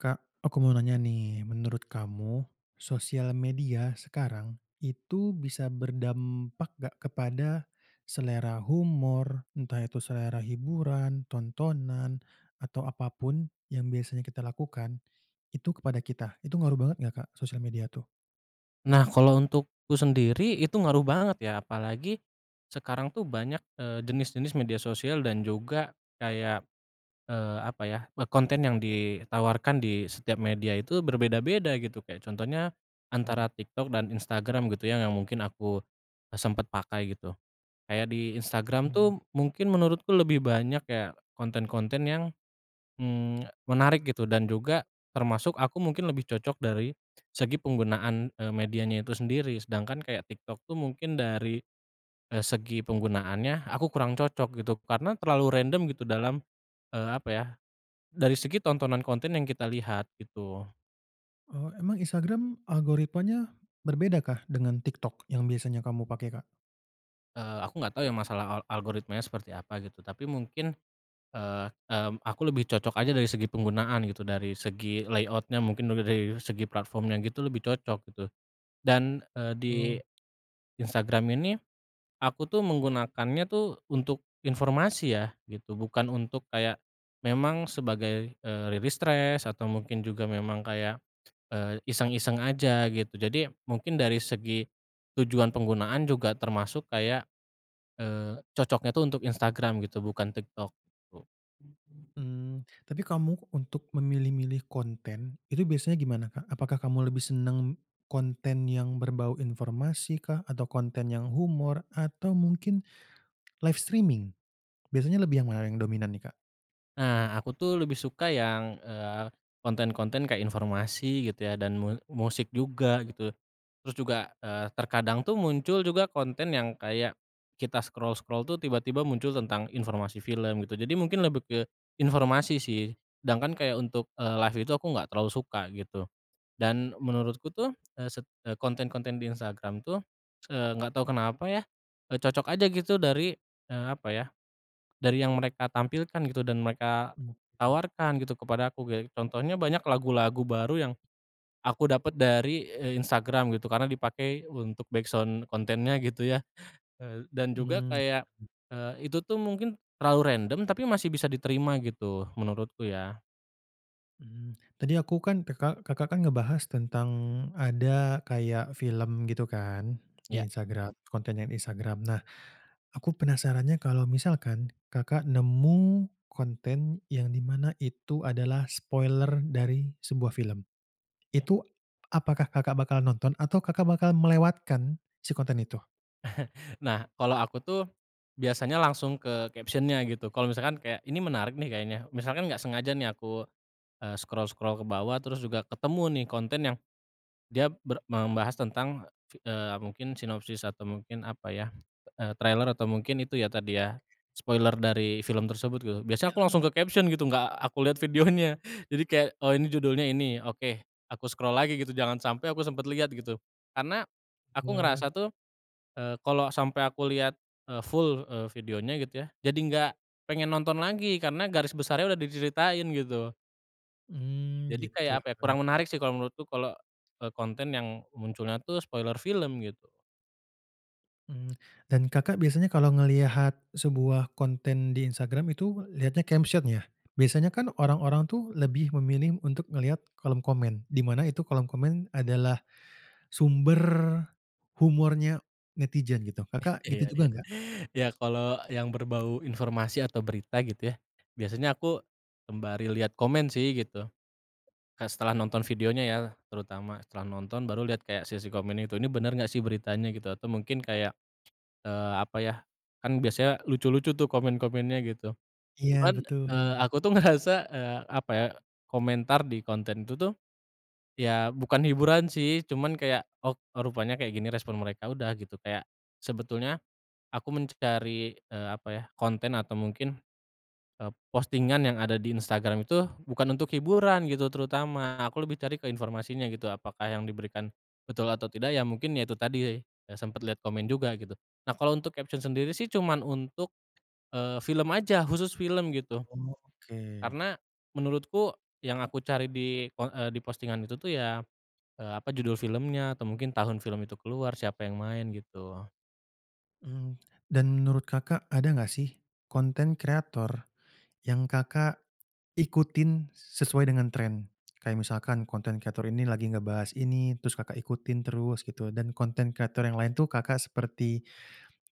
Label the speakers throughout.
Speaker 1: Kak, aku mau nanya nih. Menurut kamu, sosial media sekarang, itu bisa berdampak nggak kepada selera humor, entah itu selera hiburan, tontonan, atau apa pun yang biasanya kita lakukan, itu kepada kita? Itu ngaruh banget nggak, Kak, sosial media tuh?
Speaker 2: Nah, kalau untukku sendiri itu ngaruh banget ya, apalagi sekarang tuh banyak, eee, jenis-jenis media sosial dan juga kayak, eee, apa ya, eee, konten yang ditawarkan di setiap media itu berbeda-beda gitu. Kayak contohnya antara
Speaker 1: Iyap.
Speaker 2: TikTok dan Instagram gitu ya, yang mungkin aku sempat pakai gitu. Kayak di Instagram
Speaker 1: Mhm.
Speaker 2: tuh mungkin menurutku lebih banyak kayak konten-konten yang, mmm, menarik gitu, dan juga termasuk aku mungkin lebih cocok dari segi penggunaan, eee, medianya itu sendiri. Sedangkan kayak TikTok tuh mungkin dari, eee, segi penggunaannya aku kurang cocok gitu karena terlalu random gitu dalam, eee, apa ya, dari segi tontonan konten yang kita lihat gitu.
Speaker 1: Oh, emang Instagram algoritmanya berbeda, kah, dengan TikTok yang biasanya kamu pakai, Kak?
Speaker 2: Eee, aku nggak tahu ya masalah al algoritmanya seperti apa gitu. Tapi mungkin, eee, mmm, aku lebih cocok aja dari segi penggunaan gitu, dari segi layout-nya mungkin juga dari segi platform-nya gitu, lebih cocok gitu. Dan, eee, di
Speaker 1: Oh.
Speaker 2: Instagram ini, aku tuh menggunakannya tuh untuk informasi ya gitu, bukan untuk kayak memang sebagai, eee, rilis stres atau mungkin juga memang kayak, eee, iseng-iseng aja gitu. Jadi mungkin dari segi tujuan penggunaan juga termasuk kayak, eee, cocoknya tuh untuk Instagram gitu, bukan TikTok gitu.
Speaker 1: Mmm. Tapi kamu, untuk memilih-milih konten itu biasanya gimana, Kak? Apakah kamu lebih senang konten yang berbau informasi kah, atau konten yang humor, atau mungkin live streaming? Biasanya lebih yang mana yang dominan nih, Kak?
Speaker 2: Nah, aku tuh lebih suka yang, eee, konten-konten kayak informasi gitu ya, dan mu musik juga gitu. Terus juga, eee, terkadang tuh muncul juga konten yang kayak kita scroll-scroll tuh tiba-tiba muncul tentang informasi film gitu. Jadi mungkin lebih ke informasi sih, sedangkan kayak untuk, eee, live itu aku nggak terlalu suka gitu. Dan menurutku tuh, eee, se eh, konten-konten di Instagram tuh, eee, nggak tahu kenapa ya, eee, cocok aja gitu dari, eee, apa ya, dari yang mereka tampilkan gitu dan mereka
Speaker 1: Oke.
Speaker 2: tawarkan gitu kepada aku ge contohnya, banyak lagu-lagu baru yang, aku dapat dari, eee, Instagram gitu karena dipakai untuk backsound kontennya gitu ya, eee, dan juga
Speaker 1: Mmm.
Speaker 2: kayak, eee, itu tuh mungkin terlalu random, tapi masih bisa diterima gitu, menurutku ya.
Speaker 1: Mmm. Tadi aku kan Kakak Kakak kan ngebahas tentang ada kayak film gitu kan di
Speaker 2: Ya.
Speaker 1: Instagram, konten yang Instagram. Nah, aku penasarannya, kalau misalkan Kakak nemu konten yang di mana itu adalah spoiler dari sebuah film, itu apakah Kakak bakal nonton atau Kakak bakal melewatkan si konten itu?
Speaker 2: Nah, kalau aku tuh biasanya langsung ke caption-nya gitu. Kalau misalkan kayak, “Ini menarik nih kayaknya,” misalkan nggak sengaja nih aku, eee, scroll-scroll ke bawah, terus juga ketemu nih konten yang dia ber membahas tentang fi eee, mungkin sinopsis atau mungkin apa ya, eee, trailer, atau mungkin itu ya tadi
Speaker 1: Oke.
Speaker 2: ya spoiler dari film tersebut gitu. Biasanya aku
Speaker 1: Film.
Speaker 2: langsung ke caption gitu, enggak aku lihat videonya. Jadi kayak, “Oh, ini judulnya ini, oke,” aku scroll lagi gitu, jangan sampai aku sempet lihat gitu. Karena aku
Speaker 1: Wah.
Speaker 2: ngerasa tuh, eee, kalau sampai aku lihat, eee, full, eee, videonya gitu ya, jadi enggak pengen nonton lagi karena garis besarnya udah diceritain gitu.
Speaker 1: Mmm,
Speaker 2: Jadi
Speaker 1: gitu.
Speaker 2: kayak apa ya, kurang menarik sih kalau menurutku kalau, eee, konten yang munculnya tuh spoiler film gitu.
Speaker 1: Mmm. Dan Kakak biasanya kalau ngelihat sebuah konten di Instagram itu lihatnya caption, ya? Biasanya kan orang-orang tuh lebih memilih untuk ngelihat kolom komen, di mana itu kolom komen adalah sumber humornya netizen gitu. Kakak
Speaker 2: Iya,
Speaker 1: gitu juga
Speaker 2: iya.
Speaker 1: nggak?
Speaker 2: Ya, kalau yang berbau informasi atau berita gitu ya. Biasanya aku sembari lihat komen sih gitu. Kayak setelah nonton videonya, ya terutama, setelah nonton baru lihat kayak sesi komen itu, ini bener gak sih beritanya gitu? Atau mungkin kayak, eee, apa ya, kan biasanya lucu-lucu tuh komen-komennya gitu.
Speaker 1: Iya,
Speaker 2: Cuman,
Speaker 1: betul.
Speaker 2: eee, aku tuh ngerasa, eee, apa ya, komentar di konten itu tuh, ya bukan hiburan sih, cuman kayak, "Oh, rupanya kayak gini respon mereka." Udah gitu, kayak sebetulnya aku mencari, eee, apa ya, konten atau mungkin, eee, postingan yang ada di Instagram itu bukan untuk hiburan gitu terutama. Aku lebih cari ke informasinya gitu, apakah yang diberikan betul atau tidak. Ya mungkin ya itu tadi, ya sempet lihat komen juga gitu. Nah, kalau untuk caption sendiri sih cuman untuk, eee, film aja, khusus film gitu.
Speaker 1: Oh, oke.
Speaker 2: Karena menurutku yang aku cari di po eee, di postingan itu tuh ya, eee, apa, judul filmnya atau mungkin tahun film itu keluar, siapa yang main, gitu.
Speaker 1: Mmm, dan menurut Kakak, ada nggak sih konten kreator yang Kakak ikutin sesuai dengan tren? Kayak misalkan konten kreator ini lagi ngebahas ini terus Kakak ikutin terus gitu, dan konten kreator yang lain tuh Kakak seperti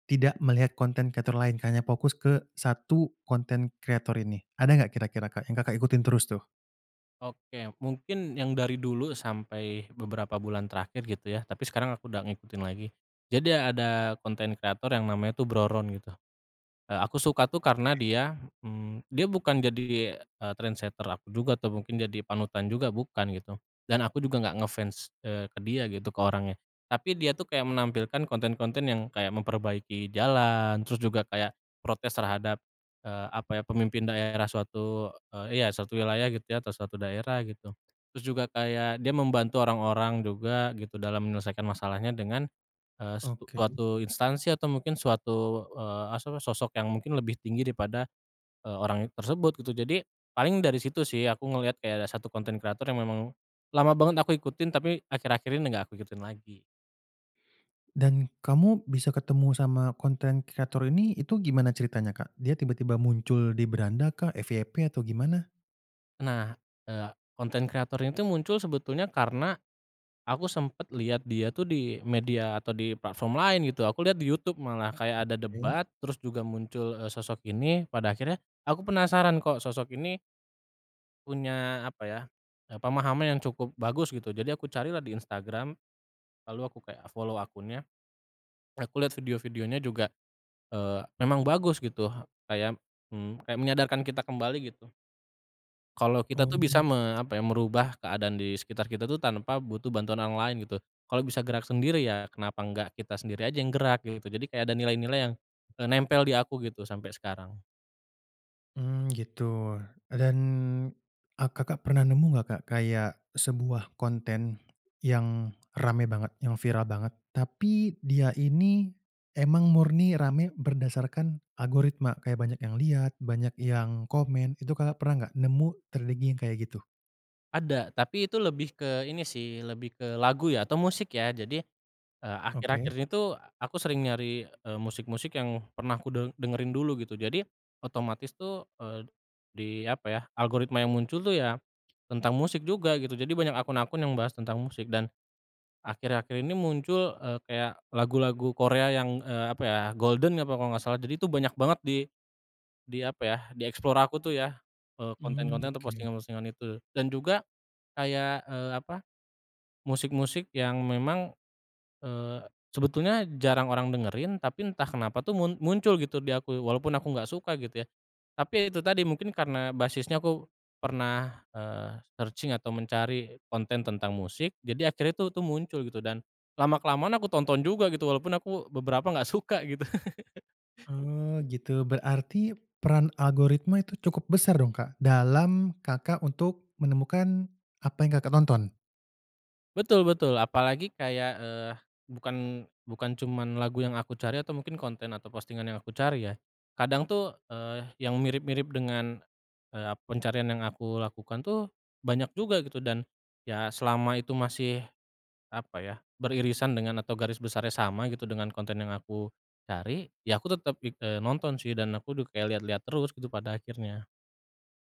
Speaker 1: tidak melihat konten kreator lain kayaknya fokus ke 1 konten kreator ini, ada nggak kira-kira, Kak, yang Kakak ikutin terus tuh?
Speaker 2: Oke, mungkin yang dari dulu sampai beberapa bulan terakhir gitu ya, tapi sekarang aku udah ngikutin lagi. Jadi, ada konten kreator yang namanya tuh Bro Ron gitu. Eee, aku suka tuh karena
Speaker 1: Oke.
Speaker 2: dia, mmm, dia bukan jadi, eee, trendsetter aku juga atau mungkin jadi panutan juga bukan gitu. Dan aku juga enggak nge-fans, eee, ke dia gitu, ke orangnya. Tapi dia tuh kayak menampilkan konten-konten yang kayak memperbaiki jalan, terus juga kayak protes terhadap, eee, apa ya, pemimpin daerah suatu e ya, suatu wilayah gitu ya, atau suatu daerah gitu. Terus juga kayak dia membantu orang-orang juga gitu dalam menyelesaikan masalahnya dengan, eee, s
Speaker 1: Oke.
Speaker 2: suatu instansi atau mungkin suatu, eee, aswa sosok yang mungkin lebih tinggi daripada, eee, orang it tersebut gitu. Jadi paling dari situ sih aku ngeliat kayak ada 1 konten kreator yang memang lama banget aku ikutin, tapi akhir-akhir ini nggak aku ikutin lagi.
Speaker 1: Dan kamu bisa ketemu sama konten kreator ini, itu gimana ceritanya Kak? Dia tiba-tiba muncul di beranda kah, FYP atau gimana?
Speaker 2: Nah, eee, konten kreator ini tuh muncul sebetulnya karena, aku sempet lihat dia tuh di media atau di platform lain gitu. Aku lihat di YouTube, malah kayak ada
Speaker 1: Oke.
Speaker 2: debat, terus juga muncul, eee, sosok ini. Pada akhirnya aku penasaran kok sosok ini punya, apa ya, pemahaman yang cukup bagus gitu. Jadi aku carilah di Instagram, lalu aku kayak follow akunnya. Aku lihat video-videonya juga, eee, memang bagus gitu, kayak, mmm, kayak menyadarkan kita kembali gitu. Kalau kita tuh
Speaker 1: Oh.
Speaker 2: bisa me apa ya, merubah keadaan di sekitar kita tuh tanpa butuh bantuan yang lain gitu. Kalau bisa gerak sendiri, ya kenapa enggak kita sendiri aja yang gerak gitu. Jadi kayak ada nilai-nilai yang, eee, nempel di aku gitu sampai sekarang.
Speaker 1: Mmm, gitu. Dan, ah, Kakak pernah nemu nggak, Kak, kayak sebuah konten yang rame banget, yang viral banget, tapi dia ini emang murni rame berdasarkan algoritma, kayak banyak yang lihat, banyak yang komen. Itu Kakak pernah nggak nemu ter lagi yang kayak gitu?
Speaker 2: Ada, tapi itu lebih ke ini sih, lebih ke lagu ya atau musik ya. Jadi, eee,
Speaker 1: Oke.
Speaker 2: akhir-akhir ini tuh aku sering nyari, eee, musik-musik yang pernah ku de dengerin dulu gitu. Jadi otomatis tuh, eee, di apa ya, algoritma yang muncul tuh ya tentang musik juga gitu. Jadi banyak akun-akun yang bahas tentang musik. Dan akhir-akhir ini muncul, eee, kayak lagu-lagu Korea yang, eee, apa ya, Golden apa kalau nggak salah. Jadi itu banyak banget di di apa ya, di explore aku tuh ya, eee,
Speaker 1: Mmm,
Speaker 2: konten-konten atau
Speaker 1: oke.
Speaker 2: postingan-postingan itu. Dan juga kayak, eee, apa, musik-musik yang memang, eee, sebetulnya jarang orang dengerin, tapi entah kenapa tuh mun muncul gitu di aku walaupun aku nggak suka gitu ya. Tapi ya itu tadi, mungkin karena basisnya aku pernah, eee, searching atau mencari konten tentang musik, jadi akhirnya tuh itu muncul gitu. Dan lama-kelamaan aku tonton juga gitu walaupun aku beberapa nggak suka gitu.
Speaker 1: Oh, gitu, berarti peran algoritma itu cukup besar dong, Kak, dalam, Kakak untuk menemukan apa yang Kakak tonton?
Speaker 2: Betul betul. Apalagi kayak, eee, bukan bukan cuman lagu yang aku cari atau mungkin konten atau postingan yang aku cari ya. Kadang tuh, eee, yang mirip-mirip dengan, eee, ap pencarian yang aku lakukan tuh banyak juga gitu. Dan ya, selama itu masih, apa ya, beririsan dengan atau garis besarnya sama gitu dengan konten yang aku cari, ya aku tetep, eee, nonton sih. Dan aku udah kayak lihat-lihat terus gitu pada akhirnya.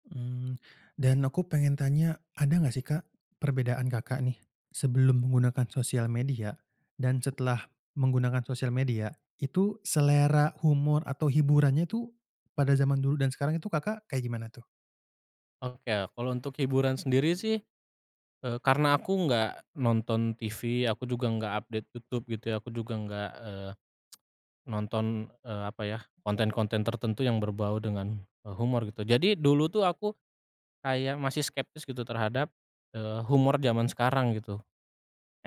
Speaker 1: Mmm. Dan aku pengen tanya, ada nggak sih, Kak, perbedaan Kakak nih sebelum menggunakan sosial media dan setelah menggunakan sosial media, itu selera humor atau hiburannya tuh pada zaman dulu dan sekarang itu, Kakak kayak gimana tuh?
Speaker 2: Oke, kalau untuk hiburan sendiri sih, eee, karena aku nggak nonton TV, aku juga nggak update YouTube gitu ya. Aku juga nggak, eee, nonton, eee, apa ya, konten-konten tertentu yang berbau dengan e humor gitu. Jadi dulu tuh aku kayak masih skeptis gitu terhadap, eee, humor zaman sekarang gitu.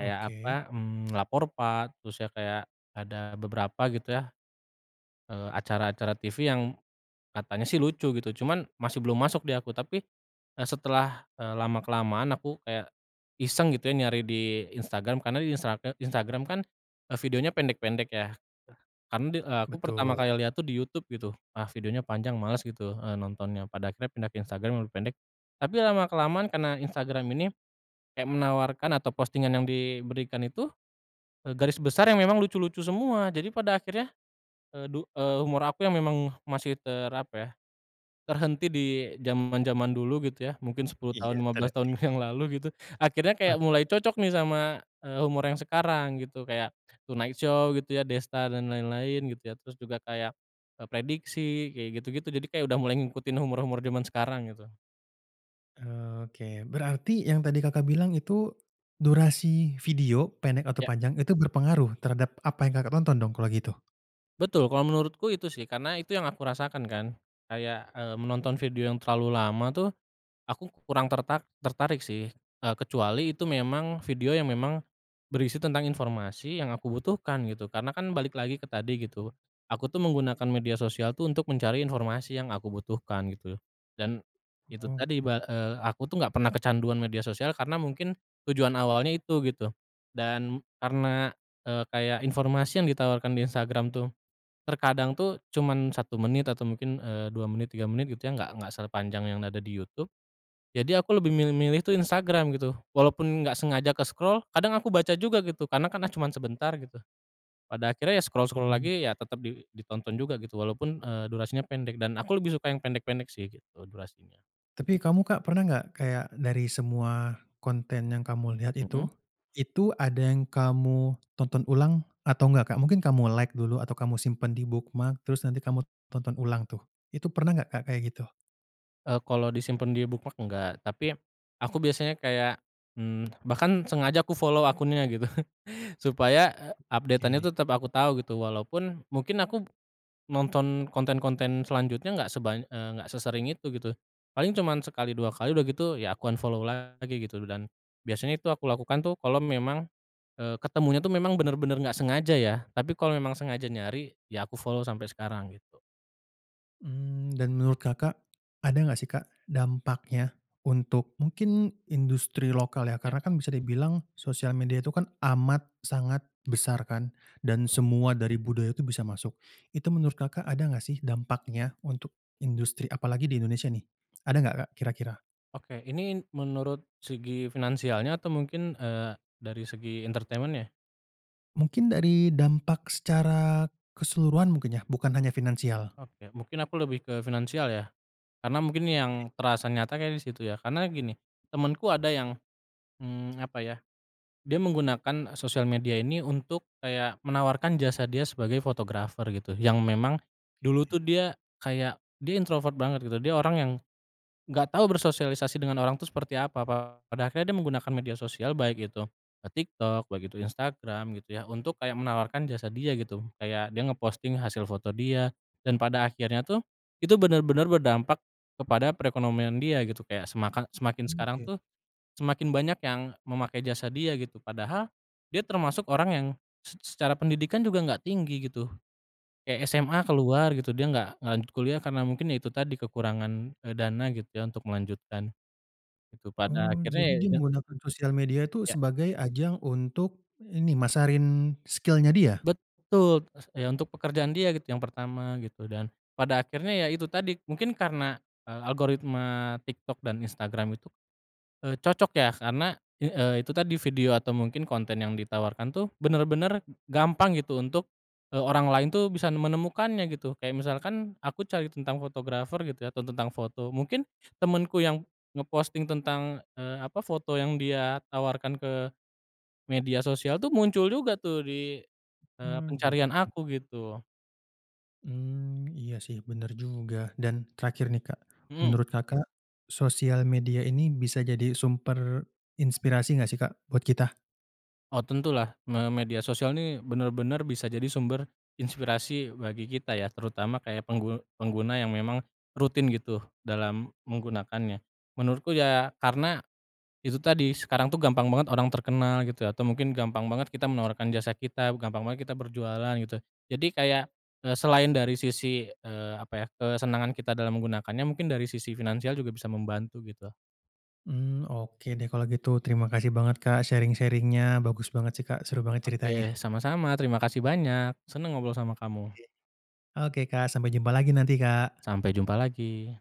Speaker 2: Kayak apa, mmm, Lapor Pak, terus ya kayak ada beberapa gitu ya, eee, acara-acara TV yang katanya sih lucu gitu, cuman masih belum masuk di aku. Tapi e setelah, eee, lama-kelamaan aku kayak iseng gitu ya nyari di Instagram. Karena di Instra e Instagram kan e videonya pendek-pendek ya. Karena di eee, aku pertama
Speaker 1: Betul.
Speaker 2: kali lihat tuh di YouTube gitu, ah, videonya panjang, males gitu, eh, nontonnya. Pada akhirnya pindah ke Instagram, lebih pendek. Tapi lama-kelamaan karena Instagram ini, kayak menawarkan atau postingan yang diberikan itu, e garis besar yang memang lucu-lucu semua, jadi pada akhirnya, eee, du eee, humor aku yang memang masih ter apa ya, terhenti di zaman-zaman dulu gitu ya, mungkin 10 tahun,
Speaker 1: Iya,
Speaker 2: 15 tahun yang
Speaker 1: terlatih.
Speaker 2: lalu gitu, akhirnya kayak
Speaker 1: Oke.
Speaker 2: mulai cocok nih sama, eee, humor yang sekarang gitu. Kayak Tonight Show gitu ya, Desta dan lain-lain gitu ya. Terus juga kayak, eee, Prediksi, kayak gitu-gitu. Jadi kayak udah mulai ngikutin humor-humor zaman sekarang gitu.
Speaker 1: Oh, oke. Berarti yang tadi Kakak bilang itu, durasi video pendek atau
Speaker 2: Ya.
Speaker 1: panjang, itu berpengaruh terhadap apa yang Kakak tonton dong kalau gitu?
Speaker 2: Betul, kalau menurutku itu sih, karena itu yang aku rasakan kan. Kayak, eee, menonton video yang terlalu lama tuh aku kurang terta tertarik sih, eee, kecuali itu memang video yang memang berisi tentang informasi yang aku butuhkan gitu. Karena kan balik lagi ke tadi gitu, aku tuh menggunakan media sosial tuh untuk mencari informasi yang aku butuhkan gitu. Dan itu tadi,
Speaker 1: Oke.
Speaker 2: ba eee, aku tuh enggak pernah kecanduan media sosial karena mungkin tujuan awalnya itu, gitu. Dan karena, eee, kayak informasi yang ditawarkan di Instagram tuh terkadang tuh cuman 1 menit atau mungkin, eee, 2 menit, 3 menit gitu ya. Enggak enggak sepanjang yang ada di YouTube. Jadi aku lebih milih-milih tuh Instagram gitu. Walaupun enggak sengaja ke-scroll, kadang aku baca juga gitu. Karena kan, ah, cuman sebentar gitu. Pada akhirnya ya scroll-scroll
Speaker 1: Oke.
Speaker 2: lagi, ya tetap di ditonton juga gitu walaupun, eee, durasinya pendek. Dan aku lebih suka yang pendek-pendek sih gitu, durasinya.
Speaker 1: Tapi kamu, Kak, pernah nggak, kayak dari semua konten yang kamu lihat
Speaker 2: Mhm.
Speaker 1: itu, itu ada yang kamu tonton ulang atau nggak, Kak? Mungkin kamu like dulu atau kamu simpan di bookmark, terus nanti kamu tonton ulang tuh. Itu pernah nggak, Kak, kayak gitu?
Speaker 2: Eee, kalau disimpan di bookmark enggak, tapi aku biasanya kayak, mmm, bahkan sengaja aku follow akunnya gitu supaya e update-an
Speaker 1: Oke.
Speaker 2: itu tetap aku tahu gitu, walaupun mungkin aku nonton konten-konten selanjutnya enggak sebanya eee, enggak sesering itu gitu. Paling cuma sekali 2 kali, udah gitu ya aku unfollow lagi gitu loh. Dan biasanya itu aku lakukan tuh kalau memang, eee, ketemunya tuh memang benar-benar nggak sengaja, ya. Tapi kalau memang sengaja nyari, ya aku follow sampai sekarang gitu.
Speaker 1: Mmm, dan menurut Kakak ada nggak sih, Kak, dampaknya untuk mungkin industri lokal, ya.
Speaker 2: Ya.
Speaker 1: Karena kan bisa dibilang sosial media itu kan amat sangat besar, kan, dan semua dari budaya itu bisa masuk. Itu menurut Kakak ada nggak sih dampaknya untuk industri, apalagi di Indonesia, nih? Ada nggak, Kak, kira-kira?
Speaker 2: Oke ini n menurut segi finansialnya atau mungkin, eee, dari segi entertainment-nya?
Speaker 1: Mungkin dari dampak secara keseluruhan mungkin ya, bukan hanya finansial.
Speaker 2: Oke, mungkin aku lebih ke finansial ya, karena mungkin yang
Speaker 1: Oke.
Speaker 2: terasa nyata kayaknya di situ ya. Karena gini, temenku ada yang, mmm, apa ya, dia menggunakan e sosial media ini untuk kayak menawarkan jasa dia sebagai fotografer gitu yang memang dulu
Speaker 1: Oke.
Speaker 2: tuh dia kayak dia introvert banget gitu, dia orang yang, gak tau bersosialisasi dengan orang tuh seperti apa pa pada akhirnya dia menggunakan media sosial, baik itu ke TikTok baik itu Instagram gitu ya untuk kayak menawarkan jasa dia gitu kayak dia nge-posting hasil foto dia, dan pada akhirnya tuh itu benar-benar berdampak kepada perekonomian dia gitu kayak semakan semakin sekarang
Speaker 1: Oke.
Speaker 2: tuh, semakin banyak yang memakai jasa dia gitu padahal dia termasuk orang yang se se secara pendidikan juga enggak tinggi gitu, kayak SMA keluar gitu dia enggak enggak lanjut kuliah karena mungkin ya itu tadi kekurangan, eee, dana gitu ya untuk melanjutkan, gitu pada
Speaker 1: Oh,
Speaker 2: akhirnya,
Speaker 1: jadi
Speaker 2: ya
Speaker 1: dia
Speaker 2: itu
Speaker 1: menggunakan sosial media tuh
Speaker 2: Iya.
Speaker 1: sebagai ajang untuk ini masarin skill-nya dia?
Speaker 2: Betul, s iya untuk pekerjaan dia gitu yang pertama gitu dan pada akhirnya ya itu tadi mungkin karena, eee, algoritma TikTok dan Instagram itu, eee, cocok ya karena i eee, itu tadi video atau mungkin konten yang ditawarkan tuh benar-benar gampang gitu untuk, eee, orang lain tuh bisa menemukannya gitu. Kayak misalkan aku cari tentang fotografer gitu ya atau tentang foto mungkin temenku yang nge-posting tentang, eee, apa foto yang dia tawarkan ke media sosial tuh muncul juga tuh di, eee,
Speaker 1: Mmm, gitu.
Speaker 2: pencarian aku gitu.
Speaker 1: Mmm, iya sih bener juga dan terakhir nih, Kak,
Speaker 2: Mmm.
Speaker 1: menurut Kakak sosial media ini bisa jadi sumber inspirasi nggak sih, Kak, buat kita?
Speaker 2: Oh tentulah me media sosial nih benar-benar bisa jadi sumber inspirasi bagi kita ya terutama kayak penggu pengguna yang memang rutin gitu dalam menggunakannya. Menurutku ya karena, itu tadi sekarang tuh gampang banget orang terkenal gitu ya atau mungkin gampang banget kita
Speaker 1: Iya, sih.
Speaker 2: menawarkan jasa kita, gampang banget kita berjualan gitu, jadi kayak, eee, selain dari sisi, eee, apa ya kesenangan kita dalam menggunakannya mungkin dari sisi finansial juga bisa membantu gitu.
Speaker 1: Mmm, oke deh kalau gitu terima kasih banget, Kak, sharing-sharing-nya bagus banget sih, Kak, seru banget ceritanya.
Speaker 2: Oke, sama-sama terima kasih banyak. Senang ngobrol sama kamu.
Speaker 1: Iya, oke, Kak, sampai jumpa lagi nanti, Kak.
Speaker 2: Sampai jumpa lagi.